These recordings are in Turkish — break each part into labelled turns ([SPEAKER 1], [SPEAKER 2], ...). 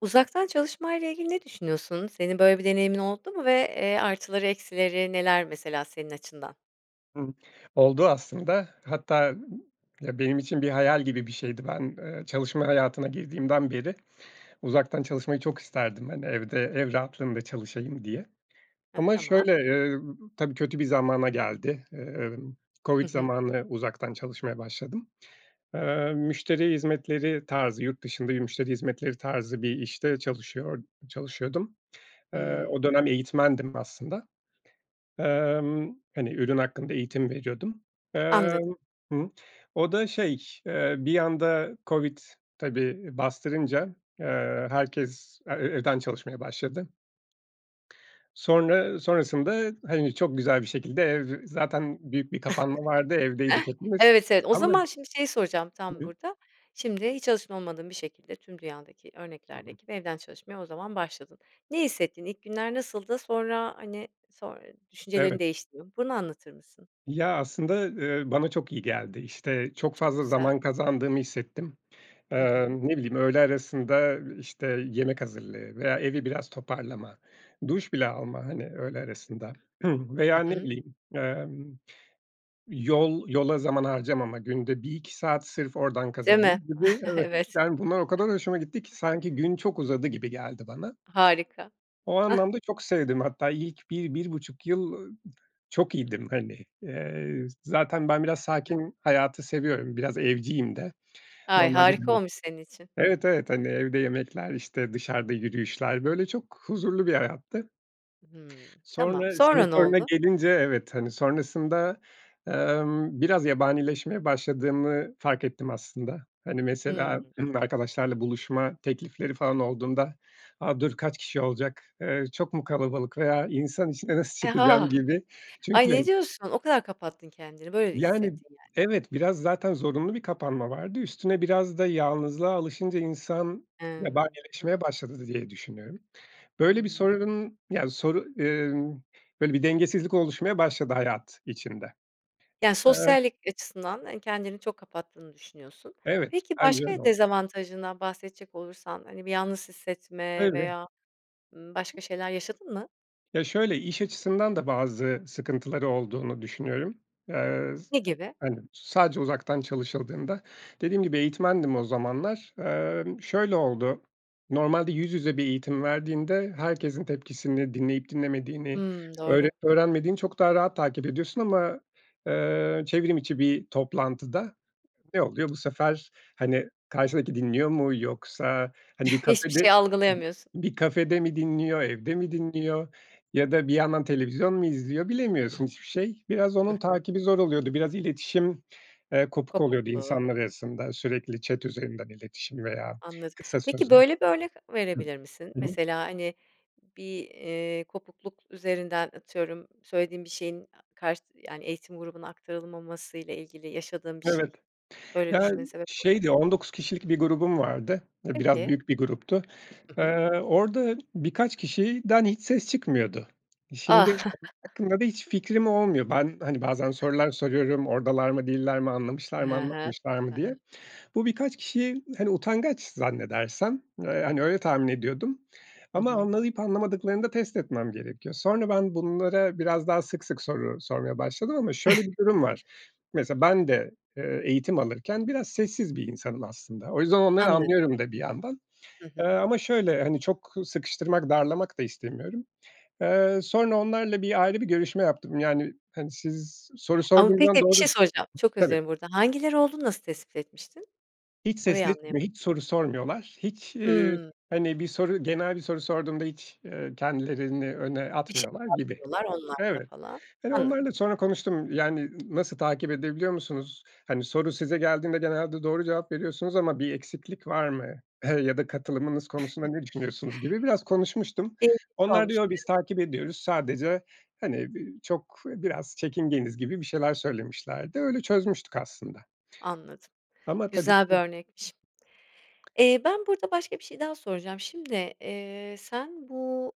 [SPEAKER 1] Uzaktan çalışmayla ilgili ne düşünüyorsun? Senin böyle bir deneyimin oldu mu ve, eee, artıları eksileri neler, mesela, senin açından?
[SPEAKER 2] Hıı, oldu aslında hatta, ımm, benim için bir hayal gibi bir şeydi. Ben, eee, çalışma hayatına girdiğimden beri uzaktan çalışmayı çok isterdim. Hani, evde, ev rahatlığında çalışayım diye
[SPEAKER 1] Hı,
[SPEAKER 2] ama
[SPEAKER 1] tamam.
[SPEAKER 2] şöyle, eee, b tabii kötü bir zamana geldi. Eee,
[SPEAKER 1] Hı
[SPEAKER 2] COVID
[SPEAKER 1] hı.
[SPEAKER 2] zamanı uzaktan çalışmaya başladım. Eee, müşteri hizmetleri tarzı, yurt dışında bir müşteri hizmetleri tarzı bir işte çalışıyor çalışıyordum. Eee,
[SPEAKER 1] Hıı.
[SPEAKER 2] o dönem eğitmendim aslında. Emm, hani, ürün hakkında eğitim veriyordum.
[SPEAKER 1] Anladım.
[SPEAKER 2] Emm, hı, o da şey, eee, bir anda COVID tabii bastırınca, eee, herkes e e evden çalışmaya başladı. Sonra sonrasında, hani, çok güzel bir şekilde ev zaten büyük bir kapanma vardı. Evdeydik hepimiz
[SPEAKER 1] Evet, evet, o
[SPEAKER 2] ama
[SPEAKER 1] zaman şimdi şeyi soracağım tam
[SPEAKER 2] Hı hı.
[SPEAKER 1] burada. Şimdi hiç alışkın olmadığın bir şekilde, tüm dünyadaki
[SPEAKER 2] [unintelligible]
[SPEAKER 1] örneklerdeki gibi evden çalışmaya o zaman başladın. Ne hissettin, ilk günler nasıldı? Sonra, hani, sonr düşüncelerin
[SPEAKER 2] Evet.
[SPEAKER 1] değişti mi, bunu anlatır mısın?
[SPEAKER 2] Ya, aslında, eee, bana çok iyi geldi, işte, çok
[SPEAKER 1] Çok
[SPEAKER 2] fazla
[SPEAKER 1] güzel.
[SPEAKER 2] zaman kazandığımı hissettim.
[SPEAKER 1] Hı
[SPEAKER 2] Eee,
[SPEAKER 1] hı.
[SPEAKER 2] ne bileyim öğle arasında, işte, yemek hazırlığı veya evi biraz toparlama, duş bile alma, hani, öğle arasında
[SPEAKER 1] Hı
[SPEAKER 2] veya ne
[SPEAKER 1] hı.
[SPEAKER 2] bileyim, emm, yol yola zaman harcamama, günde 1-2 saat sırf oradan
[SPEAKER 1] Değil mi?
[SPEAKER 2] kazandım gibi evet,
[SPEAKER 1] Evet.
[SPEAKER 2] yani, bunlar o kadar hoşuma gitti ki sanki gün çok uzadı gibi geldi bana.
[SPEAKER 1] Harika.
[SPEAKER 2] O
[SPEAKER 1] Ah.
[SPEAKER 2] anlamda çok sevdim. Hatta ilk 1-1,5 yıl, ııı, çok iyiydim. Hani, eee, zaten ben biraz
[SPEAKER 1] Hı hı.
[SPEAKER 2] sakin hayatı seviyorum. Biraz evciyim de
[SPEAKER 1] Ay,
[SPEAKER 2] normalde
[SPEAKER 1] harika
[SPEAKER 2] bile
[SPEAKER 1] olmuş senin için.
[SPEAKER 2] Evet, evet, hani, evde yemekler, işte, dışarıda yürüyüşler böyle çok huzurlu bir hayattı.
[SPEAKER 1] Hımm, tamam
[SPEAKER 2] Sonra senin
[SPEAKER 1] sonra ne
[SPEAKER 2] soruna
[SPEAKER 1] oldu?
[SPEAKER 2] gelince evet, hani, sonrasında, emm, biraz yabanileşmeye başladığımı fark ettim aslında. Hani mesela,
[SPEAKER 1] Hımm.
[SPEAKER 2] bi arkadaşlarla buluşma teklifleri falan olduğunda a, dur kaç kişi olacak, eee, çok mu kalabalık veya insan içine nasıl
[SPEAKER 1] Eee,
[SPEAKER 2] çıkacağım
[SPEAKER 1] ha.
[SPEAKER 2] gibi. Çünkü
[SPEAKER 1] Ay ne diyorsun? O kadar kapattın kendini, böyle
[SPEAKER 2] Yani,
[SPEAKER 1] hissettin yani.
[SPEAKER 2] evet, biraz zaten zorunlu bir kapanma vardı. Üstüne biraz da yalnızlığa alışınca insan
[SPEAKER 1] Emm, hı.
[SPEAKER 2] yabanileşmeye başladı dı diye düşünüyorum. Böyle bir
[SPEAKER 1] Hımm.
[SPEAKER 2] sorunun ya soru eee, böyle bir dengesizlik oluşmaya başladı hayat içinde.
[SPEAKER 1] Yani,
[SPEAKER 2] Eee
[SPEAKER 1] sosyallik açısından, hani, kendini çok kapattığını düşünüyorsun.
[SPEAKER 2] Evet,
[SPEAKER 1] Peki,
[SPEAKER 2] bence öyle
[SPEAKER 1] başka
[SPEAKER 2] oldu.
[SPEAKER 1] dezavantajından bahsedecek olursan, hani, bir yalnız hissetme
[SPEAKER 2] Tabii.
[SPEAKER 1] veya, ımm, başka şeyler yaşadın mı?
[SPEAKER 2] Ya şöyle, iş açısından da bazı sıkıntıları olduğunu düşünüyorum. Eee, z
[SPEAKER 1] Ne gibi?
[SPEAKER 2] hani, sadece uzaktan çalışıldığında dediğim gibi eğitmendim o zamanlar. Emm, şöyle oldu, normalde yüz yüze bir eğitim verdiğinde herkesin tepkisini dinleyip dinlemediğini,
[SPEAKER 1] Hımm, doğru.
[SPEAKER 2] öğrenip öğrenmediğini çok daha rahat takip ediyorsun ama, eee, çevrim içi bir toplantıda ne oluyor bu sefer? Hani, karşıdaki dinliyor mu yoksa hani, bir
[SPEAKER 1] Hiçbir şey
[SPEAKER 2] kafede
[SPEAKER 1] algılayamıyorsun.
[SPEAKER 2] bir kafede mi dinliyor, evde mi dinliyor ya da bir yandan televizyon mu izliyor, bilemiyorsun hiçbir şey. Biraz
[SPEAKER 1] Hı
[SPEAKER 2] onun
[SPEAKER 1] hı.
[SPEAKER 2] takibi zor oluyordu. Biraz iletişim, eee, kopuk oluyordu
[SPEAKER 1] Kopukluğu.
[SPEAKER 2] insanlar arasında sürekli chat üzerinden iletişim veya
[SPEAKER 1] Anladım.
[SPEAKER 2] kısa
[SPEAKER 1] Peki,
[SPEAKER 2] sözler.
[SPEAKER 1] böyle bir örnek
[SPEAKER 2] Hıı.
[SPEAKER 1] verebilir misin?
[SPEAKER 2] Hı hı.
[SPEAKER 1] Mesela, hani, bir, eee, kopukluk üzerinden atıyorum söylediğin bir şeyin a karşı yani eğitim grubuna aktarılmamasıyla ilgili yaşadığın bir
[SPEAKER 2] Evet,
[SPEAKER 1] şey böyle
[SPEAKER 2] yani
[SPEAKER 1] düşünmene sebep olacak.
[SPEAKER 2] şeydi, 19 kişilik bir grubum vardı. E, biraz
[SPEAKER 1] Peki.
[SPEAKER 2] büyük bir gruptu.
[SPEAKER 1] Hı hı.
[SPEAKER 2] Eee, orada birkaç kişiden hiç ses çıkmıyordu. E, şimdi
[SPEAKER 1] A!
[SPEAKER 2] onlar hakkında da hiç fikrim olmuyor. Ben, hani, bazen sorular soruyorum, oradalar mı değiller mi anlamışlar mı,
[SPEAKER 1] Hı hı,
[SPEAKER 2] anlamışlar
[SPEAKER 1] hı
[SPEAKER 2] mı diye.
[SPEAKER 1] hı.
[SPEAKER 2] Bu birkaç kişiyi hani utangaç zannedersem, ııı, yani öyle tahmin ediyordum
[SPEAKER 1] Hı
[SPEAKER 2] ama
[SPEAKER 1] hı.
[SPEAKER 2] anlayıp anlamadıklarını da test etmem gerekiyor. Sonra ben bunlara biraz daha sık sık soru sormaya başladım ama şöyle bir durum var, mesela ben de, eee, eğitim alırken biraz sessiz bir insanım aslında. O yüzden onları
[SPEAKER 1] Anladım.
[SPEAKER 2] anlıyorum da bir yandan,
[SPEAKER 1] Hı
[SPEAKER 2] eee,
[SPEAKER 1] hı.
[SPEAKER 2] ama şöyle, hani, çok sıkıştırmak darlamak da istemiyorum. Eee, sonra onlarla bir ayrı bir görüşme yaptım. Yani, hani, siz soru
[SPEAKER 1] Ama
[SPEAKER 2] sorduğum zaman
[SPEAKER 1] peki, bir
[SPEAKER 2] doğru
[SPEAKER 1] şey soracağım, çok özür
[SPEAKER 2] Tabii.
[SPEAKER 1] dilerim burada. Hangileri olduğunu nasıl tespit etmiştin?
[SPEAKER 2] Hiç ses
[SPEAKER 1] Orayı anlayamadım.
[SPEAKER 2] etmeyip, hiç soru sormuyorlar. Hiç, iii,
[SPEAKER 1] Hımm.
[SPEAKER 2] hani, bir soru genel bir soru sorduğumda hiç, eee, kendilerini öne
[SPEAKER 1] Bir şey
[SPEAKER 2] atmıyorlar gibi.
[SPEAKER 1] yazmıyorlar online'da
[SPEAKER 2] Evet,
[SPEAKER 1] falan.
[SPEAKER 2] hani,
[SPEAKER 1] Anladım.
[SPEAKER 2] onlarla sonra konuştum. Yani n nasıl takip edebiliyor musunuz? Hani, soru size geldiğinde genelde doğru cevap veriyorsunuz ama bir eksiklik var mı, eee, ya da katılımınız konusunda ne düşünüyorsunuz gibi biraz konuşmuştum.
[SPEAKER 1] İlginç
[SPEAKER 2] Onlar
[SPEAKER 1] olmuş,
[SPEAKER 2] diyor, biz
[SPEAKER 1] evet.
[SPEAKER 2] takip ediyoruz sadece hani bi çok biraz çekingeniz gibi bir şeyler söylemişlerdi. Öyle çözmüştük aslında.
[SPEAKER 1] Anladım,
[SPEAKER 2] Ama tabii
[SPEAKER 1] güzel bir
[SPEAKER 2] ki
[SPEAKER 1] örnekmiş. Eee, ben burada başka bir şey daha soracağım. Şimdi, eee, sen bu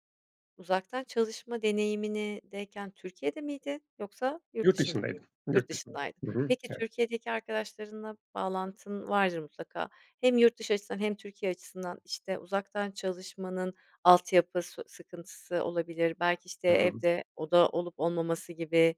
[SPEAKER 1] uzaktan çalışma deneyimindeyken Türkiye'de miydin yoksa yurt
[SPEAKER 2] Yurt
[SPEAKER 1] dışında
[SPEAKER 2] dışındaydım,
[SPEAKER 1] mıydın? Yurt
[SPEAKER 2] yurt dışında.
[SPEAKER 1] dışındaydın.
[SPEAKER 2] Hı hı.
[SPEAKER 1] Peki,
[SPEAKER 2] Evet.
[SPEAKER 1] Türkiye'deki arkadaşlarınla bağlantın vardır mutlaka, hem yurt dışı açısından hem Türkiye açısından, işte, uzaktan çalışmanın altyapı su sıkıntısı olabilir belki, işte,
[SPEAKER 2] Hıı.
[SPEAKER 1] evde oda olup olmaması gibi,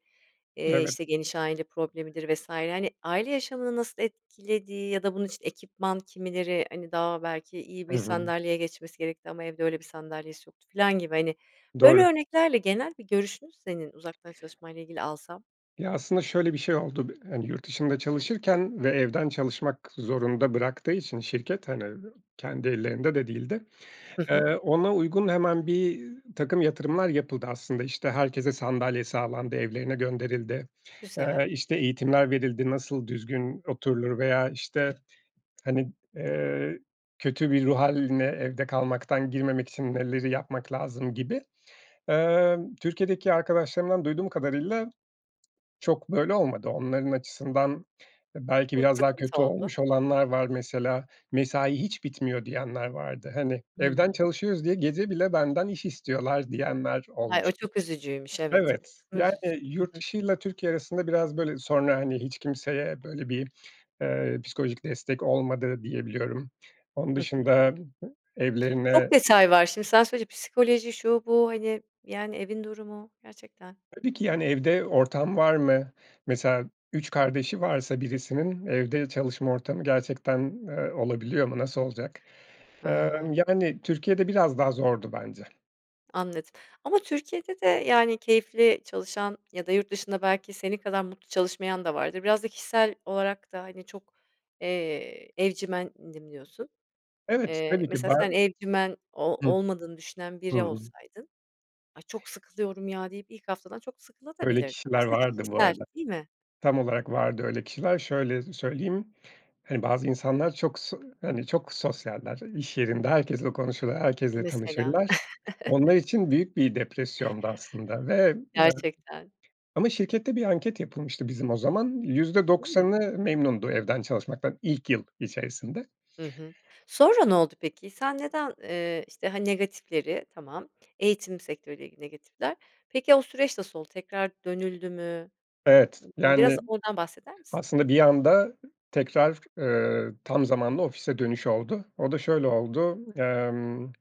[SPEAKER 1] eee,
[SPEAKER 2] Evet.
[SPEAKER 1] işte, geniş aile problemidir vs. Hani, aile yaşamını nasıl etkilediği ya da bunun için ekipman kimileri, hani, daha belki iyi
[SPEAKER 2] Hı
[SPEAKER 1] bir
[SPEAKER 2] hı.
[SPEAKER 1] sandalyeye geçmesi gerekti ama evde öyle bir sandalyesi yoktu filan gibi, hani, böyle
[SPEAKER 2] Doğru.
[SPEAKER 1] örneklerle genel bir görüşünü senin uzaktan çalışmayla ile ilgili alsam?
[SPEAKER 2] Ya, aslında şöyle bir şey oldu, bi hani, yurt dışında çalışırken ve evden çalışmak zorunda bıraktığı için şirket hani, iii, kendi ellerinde de değildi.
[SPEAKER 1] Hı hı.
[SPEAKER 2] Eee, ona uygun hemen birtakım yatırımlar yapıldı. Aslında işte herkese sandalye sağlandı, evlerine gönderildi,
[SPEAKER 1] Güzel.
[SPEAKER 2] eee, işte eğitimler verildi, nasıl düzgün oturulur veya işte, hani, eee, kötü bir ruh hâline evde kalmaktan girmemek için neleri yapmak lazım gibi. Emm, Türkiye'deki arkadaşlarımdan duyduğum kadarıyla çok böyle olmadı. Onların açısından belki
[SPEAKER 1] Bu
[SPEAKER 2] biraz daha
[SPEAKER 1] sıkıntı
[SPEAKER 2] kötü
[SPEAKER 1] oldu.
[SPEAKER 2] olmuş olanlar var. Mesela, mesai hiç bitmiyor diyenler vardı. Hani, evden
[SPEAKER 1] Hımm.
[SPEAKER 2] çalışıyoruz diye gece bile benden iş istiyorlar diyenler
[SPEAKER 1] Ay, o
[SPEAKER 2] olmuştu.
[SPEAKER 1] çok üzücüymüş, evet.
[SPEAKER 2] Evet, yani,
[SPEAKER 1] [unintelligible] Hı
[SPEAKER 2] yurt
[SPEAKER 1] hı.
[SPEAKER 2] dışıyla Türkiye arasında biraz böyle sonra, hani, hiç kimseye böyle bir, eee, psikolojik destek olmadı diye biliyorum. Onun
[SPEAKER 1] Hı hı.
[SPEAKER 2] dışında evlerine
[SPEAKER 1] Çok detay var. Şimdi sen söyleyince psikoloji, şu, bu, hani, yani, evin durumu, gerçekten.
[SPEAKER 2] Tabii ki, yani, evde ortam var mı? Mesela 3 kardeşi varsa birisinin evde çalışma ortamı gerçekten, eee, olabiliyor mu? Nasıl olacak?
[SPEAKER 1] Hı hı.
[SPEAKER 2] Emm, yani Türkiye'de biraz daha zordu bence.
[SPEAKER 1] Anladım. Ama Türkiye'de de yani keyifli çalışan ya da yurt dışında belki senin kadar mutlu çalışmayan da vardır. Biraz da kişisel olarak da hani çok, eee, evcimendim diyorsun.
[SPEAKER 2] Evet.
[SPEAKER 1] Eee,
[SPEAKER 2] Tabii ki.
[SPEAKER 1] mesela
[SPEAKER 2] Ba
[SPEAKER 1] sen evcimen
[SPEAKER 2] Hı.
[SPEAKER 1] o olmadığını düşünen
[SPEAKER 2] Hı
[SPEAKER 1] biri
[SPEAKER 2] hı.
[SPEAKER 1] olsaydın, "Ay, çok sıkılıyorum ya." deyip ilk haftadan çok sıkılabilirdin
[SPEAKER 2] Öyle
[SPEAKER 1] de.
[SPEAKER 2] kişiler
[SPEAKER 1] Biraz da
[SPEAKER 2] vardı bu
[SPEAKER 1] kişisel,
[SPEAKER 2] arada.
[SPEAKER 1] değil mi?
[SPEAKER 2] Tam olarak vardı öyle kişiler. Şöyle söyleyeyim, hani bazı insanlar çok so hani çok sosyaller iş yerinde, herkesle konuşur, herkesle
[SPEAKER 1] Mesela.
[SPEAKER 2] tanışırlar. Onlar için büyük bir depresyondu aslında ve
[SPEAKER 1] Gerçekten.
[SPEAKER 2] [unintelligible] ama şirkette bir anket yapılmıştı bizim o zaman yüzde
[SPEAKER 1] Hımm.
[SPEAKER 2] doksanı memnundu evden çalışmaktan ilk yıl içerisinde.
[SPEAKER 1] Hı hı. Sonra ne oldu peki? Sen neden, eee, işte hani negatifleri, tamam eğitim sektörüyle ilgili negatifler? Peki o süreç nasıl oldu? Tekrar dönüldü mü?
[SPEAKER 2] Evet.
[SPEAKER 1] Imm, biraz
[SPEAKER 2] Yani
[SPEAKER 1] oradan bahseder misin?
[SPEAKER 2] aslında bir anda tekrar, eee, tam zamanlı ofise dönüş oldu. O da şöyle oldu. Emm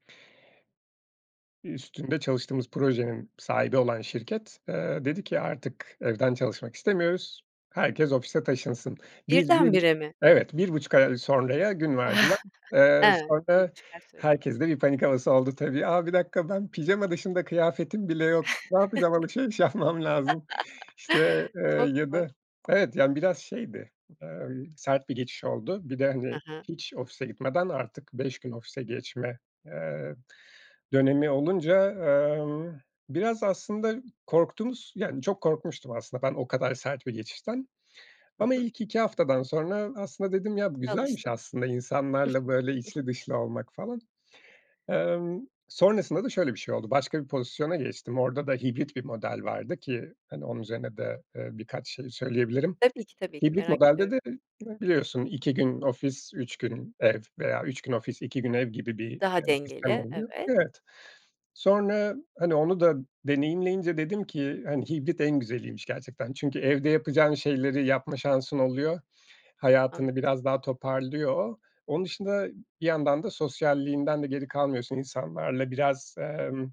[SPEAKER 2] Üstünde çalıştığımız projenin sahibi olan şirket, eee, dedi ki, artık evden çalışmak istemiyoruz. Herkes ofise taşınsın. Biz, bir
[SPEAKER 1] Birden bire mi?
[SPEAKER 2] Evet, 1,5 ay sonraya gün verdiler. Eee,
[SPEAKER 1] Evet, bir
[SPEAKER 2] sonra
[SPEAKER 1] buçuk ay süre tanımışsın.
[SPEAKER 2] herkeste bir panik havası oldu tabii. A, 1 dakika ben pijama dışında kıyafetim bile yok. Ne yapacağım? Alışveriş yapmam lazım. İşte, eee,
[SPEAKER 1] Çok
[SPEAKER 2] ya
[SPEAKER 1] hoş.
[SPEAKER 2] da Evet, yani biraz şeydi, ııı, sert bir geçiş oldu. Bir de hani,
[SPEAKER 1] Hı hı.
[SPEAKER 2] hiç ofise gitmeden artık 5 gün ofise geçme, eee, dönemi olunca, eee, biraz aslında korktuğumuz, yani çok korkmuştum aslında ben o kadar sert bir geçişten
[SPEAKER 1] Hı
[SPEAKER 2] ama
[SPEAKER 1] hı.
[SPEAKER 2] ilk 2 haftadan sonra, aslında dedim ya bu güzelmiş
[SPEAKER 1] Alıştın.
[SPEAKER 2] aslında insanlarla böyle içli dışlı olmak falan. Emm, sonrasında da şöyle bir şey oldu, başka bir pozisyona geçtim. Orada da hibrit bir model vardı ki hani onun üzerine de, eee, birkaç şey söyleyebilirim.
[SPEAKER 1] Tabii ki, tabii ki.
[SPEAKER 2] Hibrit
[SPEAKER 1] Merak
[SPEAKER 2] modelde
[SPEAKER 1] ediyorum.
[SPEAKER 2] de biliyorsun 2 gün ofis, 3 gün ev veya 3 gün ofis, 2 gün ev gibi, eee,
[SPEAKER 1] Daha
[SPEAKER 2] bir sistem
[SPEAKER 1] dengeli,
[SPEAKER 2] oluyor.
[SPEAKER 1] evet.
[SPEAKER 2] Evet. Sonra hani onu da deneyimleyince dedim ki hani hibrit en güzeliymiş gerçekten. Çünkü evde yapacağın şeyleri yapma şansın oluyor. Hayatını
[SPEAKER 1] [unintelligible]
[SPEAKER 2] biraz daha toparlıyor. Onun dışında bir yandan da sosyalliğinden de geri kalmıyorsun. İnsanlarla biraz, emm,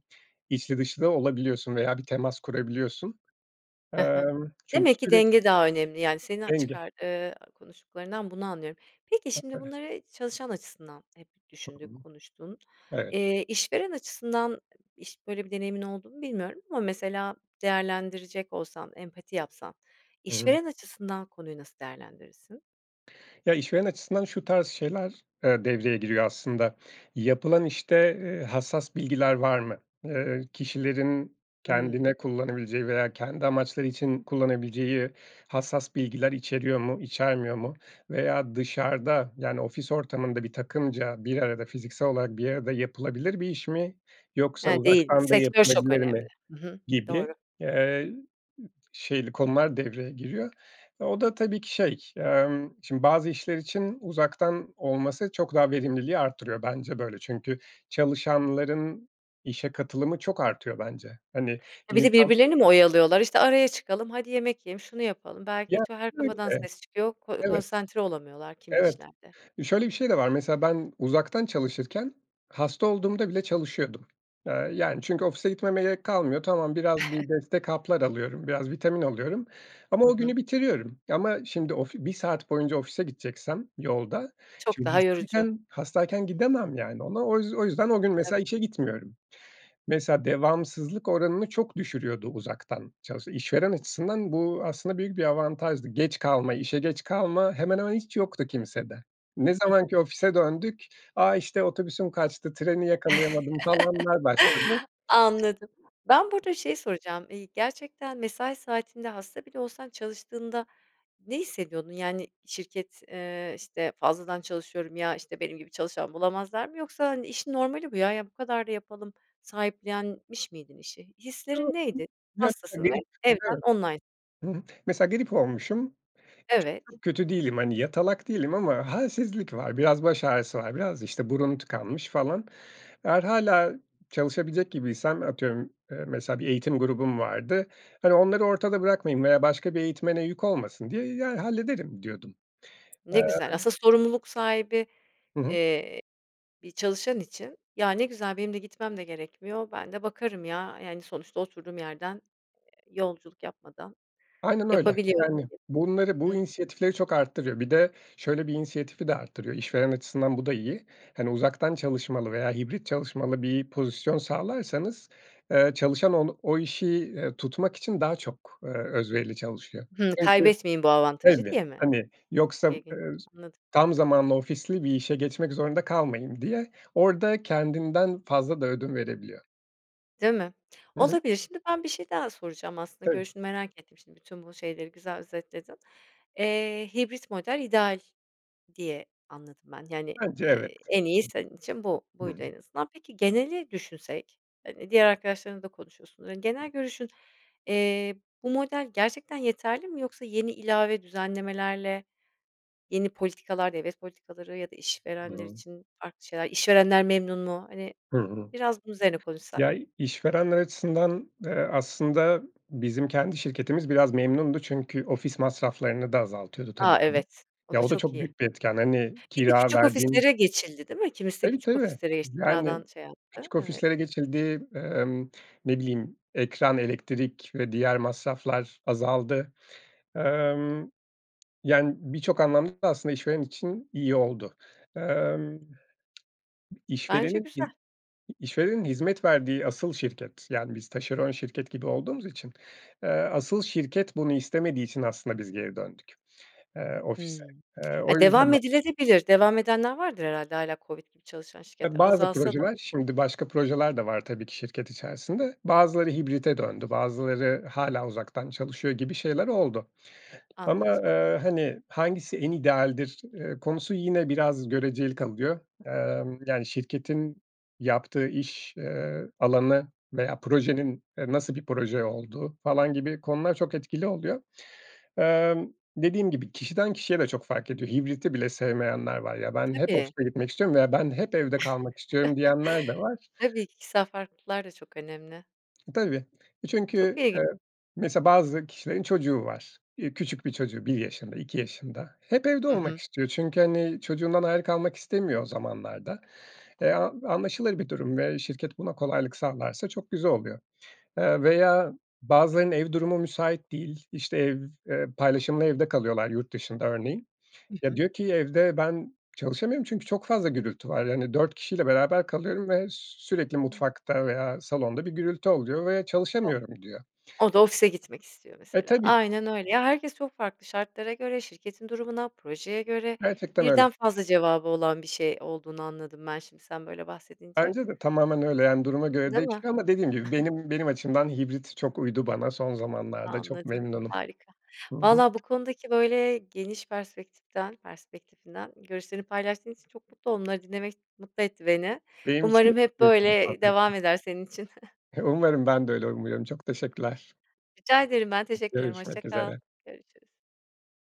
[SPEAKER 2] içli dışlı da olabiliyorsun veya bir temas kurabiliyorsun.
[SPEAKER 1] He he.
[SPEAKER 2] Emm, çünkü
[SPEAKER 1] Demek ki
[SPEAKER 2] sürek
[SPEAKER 1] denge daha önemli. Yani seni a
[SPEAKER 2] Denge.
[SPEAKER 1] çıkar, eee, konuştuklarından bunu anlıyorum. Peki, şimdi
[SPEAKER 2] [unintelligible]
[SPEAKER 1] bunları çalışan açısından hep
[SPEAKER 2] Hı
[SPEAKER 1] düşündük,
[SPEAKER 2] hı.
[SPEAKER 1] konuştun,
[SPEAKER 2] Evet.
[SPEAKER 1] eee, işveren açısından iş böyle bir deneyimin olduğunu bilmiyorum ama mesela değerlendirecek olsan empati yapsan
[SPEAKER 2] Hı hı.
[SPEAKER 1] işveren açısından konuyu nasıl değerlendirirsin?
[SPEAKER 2] Ya, işveren açısından şu tarz şeyler, eee, devreye giriyor aslında. Yapılan, işte, ııı, hassas bilgiler var mı? Iıı, kişilerin
[SPEAKER 1] Hımm.
[SPEAKER 2] kendine kullanabileceği veya kendi amaçları için kullanabileceği hassas bilgiler içeriyor mu, içermiyor mu veya dışarıda yani ofis ortamında bir takımca bir arada fiziksel olarak bir arada yapılabilir bir iş mi yoksa
[SPEAKER 1] He, değil mi?
[SPEAKER 2] uzaktan da
[SPEAKER 1] Sektör çok
[SPEAKER 2] yapılabilir
[SPEAKER 1] önemli.
[SPEAKER 2] mi?
[SPEAKER 1] Hı hı,
[SPEAKER 2] Gibi,
[SPEAKER 1] doğru.
[SPEAKER 2] eee, ımm, şeyli konular devreye giriyor. O da tabii ki, şey, emm, şimdi bazı işler için uzaktan olması çok daha verimliliği artırıyor. Bence böyle. Çünkü çalışanların işe katılımı çok artıyor bence. Hani,
[SPEAKER 1] He, bir de
[SPEAKER 2] insan
[SPEAKER 1] birbirlerini mi oyalıyorlar? İşte, "Araya çıkalım. Hadi, yemek yiyelim. Şunu yapalım."
[SPEAKER 2] Ya,
[SPEAKER 1] [unintelligible] Her
[SPEAKER 2] böyle.
[SPEAKER 1] kafadan ses çıkıyor ko
[SPEAKER 2] Evet,
[SPEAKER 1] konsantre olamıyorlar kimi
[SPEAKER 2] evet,
[SPEAKER 1] işlerde.
[SPEAKER 2] şöyle bir şey de var: Mesela ben uzaktan çalışırken hasta olduğumda bile çalışıyordum, aaa, yani. Çünkü ofise gitmeme gerek kalmıyor. Tamam, biraz bir destek haplar alıyorum. Biraz vitamin alıyorum ama
[SPEAKER 1] Hı
[SPEAKER 2] o
[SPEAKER 1] hı.
[SPEAKER 2] günü bitiriyorum. Ama şimdi, of 1 saat boyunca ofise gideceksem yolda
[SPEAKER 1] Çok
[SPEAKER 2] şimdi
[SPEAKER 1] daha yorucu.
[SPEAKER 2] hastayken hastayken gidemem, yani, ona o yüz o yüzden o gün mesela
[SPEAKER 1] Tabii.
[SPEAKER 2] işe gitmiyorum. Mesela devamsızlık oranını çok düşürüyordu uzaktan çalış İşveren açısından bu aslında büyük bir avantajdı. Geç kalma, işe geç kalma hemen hemen hiç yoktu kimsede. Ne
[SPEAKER 1] Hı hı.
[SPEAKER 2] zamanki ofise döndük "A! İşte, otobüsüm kaçtı, treni yakalayamadım." falanlar başladı.
[SPEAKER 1] Anladım. Ben burada şey soracağım. İii, gerçekten mesai saatinde hasta bile olsan çalıştığında ne hissediyordun? Yani, şirket, eee, işte, "Fazladan çalışıyorum, ya, işte, benim gibi çalışan bulamazlar mı?" Yoksa, hani, "İşin normali bu ya. Ya, bu kadar da yapalım." sahiplenmiş miydin işi? Hislerin
[SPEAKER 2] [unintelligible]
[SPEAKER 1] neydi? Hastasın ve evden
[SPEAKER 2] Evet.
[SPEAKER 1] online
[SPEAKER 2] Hımm, mesela grip olmuşum, çok
[SPEAKER 1] Evet.
[SPEAKER 2] çok kötü değilim. Hani, yatalak değilim ama halsizlik var. Biraz baş ağrısı var biraz, işte, burun tıkanmış falan. Eğer hâlâ çalışabilecek gibiysem atıyorum, eee, mesela bir eğitim grubum vardı. Hani, onları ortada bırakmayayım veya başka bir eğitmene yük olmasın diye, ya, "Hallederim."diyordum. Eee
[SPEAKER 1] Ne güzel. Asıl sorumluluk sahibi,
[SPEAKER 2] Hı hı.
[SPEAKER 1] eee, bir çalışan için. "Ya, ne güzel benim de gitmem de gerekmiyor. Ben de bakarım ya, yani, sonuçta oturduğum yerden, eee, yolculuk yapmadan
[SPEAKER 2] Aynen öyle.
[SPEAKER 1] yapabiliyorum."
[SPEAKER 2] Yani, bunları,
[SPEAKER 1] diye.
[SPEAKER 2] bu
[SPEAKER 1] Hıı.
[SPEAKER 2] inisiyatifleri çok arttırıyor. Bir de şöyle bir inisiyatifi de arttırıyor. İşveren açısından bu da iyi. Hani, uzaktan çalışmalı veya hibrit çalışmalı bir pozisyon sağlarsanız, eee, çalışan ol o işi, iii, tutmak için daha çok, eee, özverili çalışıyor.
[SPEAKER 1] Hımm.
[SPEAKER 2] Çünkü
[SPEAKER 1] Kaybetmeyeyim bu avantajı
[SPEAKER 2] tabii,
[SPEAKER 1] diye mi?
[SPEAKER 2] hani, yoksa,
[SPEAKER 1] İlginç,
[SPEAKER 2] ııı,
[SPEAKER 1] anladım.
[SPEAKER 2] "Tam zamanlı, ofisli bir işe geçmek zorunda kalmayayım." diye orada kendinden fazla da ödün verebiliyor.
[SPEAKER 1] Değil mi?
[SPEAKER 2] Hı hı.
[SPEAKER 1] Olabilir. Şimdi ben bir şey daha soracağım, aslında,
[SPEAKER 2] Tabii.
[SPEAKER 1] görüşünü merak ettim. Şimdi bütün bu şeyleri güzel özetledin. Eee, hibrit model ideal diye anladım ben, yani,
[SPEAKER 2] Bence evet.
[SPEAKER 1] eee, en iyi senin için bu
[SPEAKER 2] Hı hı.
[SPEAKER 1] buydu en azından. Peki geneli düşünsek, hani, diğer arkadaşlarınla da konuşuyorsun, ııı, genel görüşün Eee, bu model gerçekten yeterli mi yoksa yeni ilave düzenlemelerle, yeni politikalar, devlet politikaları ya da
[SPEAKER 2] Hı
[SPEAKER 1] işverenler
[SPEAKER 2] hı.
[SPEAKER 1] için farklı şeyler. İşverenler memnun mu, hani,
[SPEAKER 2] Hı hı.
[SPEAKER 1] biraz bunun üzerine konuşsak?
[SPEAKER 2] Ya, işverenler açısından, eee, aslında bizim kendi şirketimiz biraz memnundu çünkü ofis masraflarını da azaltıyordu tabii.
[SPEAKER 1] Ha,
[SPEAKER 2] [unintelligible]
[SPEAKER 1] evet, o
[SPEAKER 2] Ya,
[SPEAKER 1] da
[SPEAKER 2] o da
[SPEAKER 1] çok
[SPEAKER 2] çok
[SPEAKER 1] iyi.
[SPEAKER 2] büyük bir etken, hani,
[SPEAKER 1] Bir de
[SPEAKER 2] kira
[SPEAKER 1] küçük
[SPEAKER 2] verdiğin
[SPEAKER 1] ofislere geçildi, değil mi? Kimisi de
[SPEAKER 2] Tabii,
[SPEAKER 1] küçük
[SPEAKER 2] tabii.
[SPEAKER 1] ofislere geçti,
[SPEAKER 2] Yani,
[SPEAKER 1] kiradan şey yaptı,
[SPEAKER 2] küçük
[SPEAKER 1] evet.
[SPEAKER 2] ofislere geçildi, emm, ne bileyim, ekran, elektrik ve diğer masraflar azaldı. Emm, yani, birçok anlamda da aslında işveren için iyi oldu. Emm,
[SPEAKER 1] Bence
[SPEAKER 2] işverenin i
[SPEAKER 1] güzel.
[SPEAKER 2] işverenin hizmet verdiği asıl şirket Yani, biz taşeron şirket gibi olduğumuz için, eee, asıl şirket bunu istemediği için aslında biz geri döndük, eee, ofise.
[SPEAKER 1] Hımm.
[SPEAKER 2] Eee, o
[SPEAKER 1] Ha,
[SPEAKER 2] yüzden
[SPEAKER 1] devam edilebilir de. Devam edenler vardır herhâlde hâlâ COVID gibi çalışan
[SPEAKER 2] Eee,
[SPEAKER 1] şirketler
[SPEAKER 2] bazı
[SPEAKER 1] azalsa da.
[SPEAKER 2] projeler şimdi, başka projeler de var tabii ki şirket içerisinde. Bazıları hibrite döndü, bazıları hâlâ uzaktan çalışıyor gibi şeyler oldu ama,
[SPEAKER 1] Anladım.
[SPEAKER 2] eee, hani, hangisi en idealdir, eee, konusu yine biraz göreceli kalıyor. Emm, yani, şirketin yaptığı iş, eee, alanı veya projenin, eee, nasıl bir proje olduğu falan gibi konular çok etkili oluyor. Emm, dediğim gibi, kişiden kişiye de çok fark ediyor. Hibriti bile sevmeyenler var. "Ya, ben hep
[SPEAKER 1] Tabii.
[SPEAKER 2] ofise gitmek istiyorum veya ben hep evde kalmak istiyorum." diyenler de var.
[SPEAKER 1] Tabii, kişisel farklılıklar da çok önemli.
[SPEAKER 2] Tabii. Eee,
[SPEAKER 1] Çok
[SPEAKER 2] çünkü,
[SPEAKER 1] iyi.
[SPEAKER 2] eee, mesela, bazı kişilerin çocuğu var. Eee, küçük bir çocuğu 1 yaşında, 2 yaşında hep evde
[SPEAKER 1] Hı
[SPEAKER 2] olmak
[SPEAKER 1] hı.
[SPEAKER 2] istiyor. Çünkü, hani, çocuğundan ayrı kalmak istemiyor o zamanlarda. Eee, an anlaşılır bir durum ve şirket buna kolaylık sağlarsa çok güzel oluyor. Eee, veya bazılarının ev durumu müsait değil, işte, ev eee, paylaşımlı evde kalıyorlar yurt dışında örneğin.
[SPEAKER 1] Hı
[SPEAKER 2] Ya,
[SPEAKER 1] hı.
[SPEAKER 2] diyor ki "Evde ben çalışamıyorum çünkü çok fazla gürültü var." Yani, "4 kişiyle beraber kalıyorum ve sürekli mutfakta veya salonda bir gürültü oluyor ve
[SPEAKER 1] O
[SPEAKER 2] çalışamıyorum." diyor.
[SPEAKER 1] o da ofise gitmek istiyor,
[SPEAKER 2] E,
[SPEAKER 1] mesela.
[SPEAKER 2] tabii.
[SPEAKER 1] Aynen öyle, ya, herkes çok farklı şartlara göre, şirketin durumuna, projeye göre
[SPEAKER 2] Gerçekten öyle.
[SPEAKER 1] birden fazla cevabı olan bir şey olduğunu anladım ben, şimdi, sen böyle bahsedince.
[SPEAKER 2] Bence de tamamen öyle, yani, duruma göre
[SPEAKER 1] Değil mi?
[SPEAKER 2] değişiyor ama dediğim gibi benim benim açımdan hibrit çok uydu bana. Son zamanlarda çok
[SPEAKER 1] Anladım.
[SPEAKER 2] memnunum.
[SPEAKER 1] Harika.
[SPEAKER 2] Hı hı.
[SPEAKER 1] Vallahi bu konudaki böyle geniş perspektiften perspektifinden görüşlerini paylaştığın için çok mutlu onları dinlemek mutlu etti beni.
[SPEAKER 2] Benim için de
[SPEAKER 1] Umarım
[SPEAKER 2] çok
[SPEAKER 1] hep
[SPEAKER 2] keyifli bir
[SPEAKER 1] böyle
[SPEAKER 2] sohbetti.
[SPEAKER 1] devam eder senin için.
[SPEAKER 2] E, umarım. Ben de öyle umuyorum. Çok teşekkürler.
[SPEAKER 1] Rica ederim. Ben teşekkür ederim. Hoşça
[SPEAKER 2] Görüşmek
[SPEAKER 1] kal.
[SPEAKER 2] üzere.
[SPEAKER 1] Görüşürüz.